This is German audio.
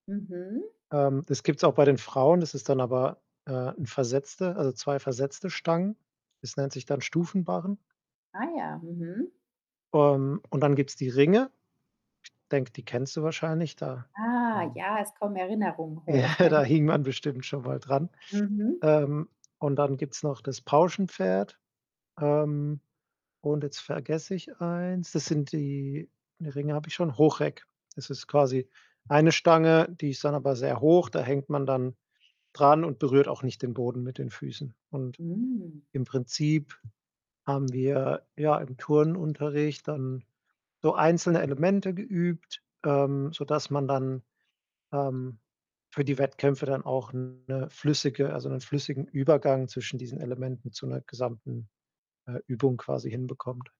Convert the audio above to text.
Mhm. Ähm, das gibt's auch bei den Frauen. Das ist dann aber, äh, 'n versetzte also, 2 versetzte Stangen. Das nennt sich dann Stufenbarren. Ah ja, mhm. Ähm, und dann gibt's die Ringe. Denke, die kennst du wahrscheinlich, da, Ah ähm ja, es kommen Erinnerungen Ja, hoch. da hing man bestimmt schon mal dran. Mhm. Ähm, und dann gibt's noch das Pauschenpferd. Ähm, und jetzt vergesse ich eins. Das sind die ne, Ringe habe ich schon, Hochreck. Das ist quasi eine Stange, die ist dann aber sehr hoch. Da hängt man dann dran und berührt auch nicht den Boden mit den Füßen. Und Hm. im Prinzip haben wir, ja, im Turnunterricht dann so einzelne Elemente geübt, ähm, sodass man dann, ähm, für die Wettkämpfe dann auch 'ne flüssige also 'nen flüssigen Übergang zwischen diesen Elementen zu 'ner gesamten, äh, Übung quasi hinbekommt.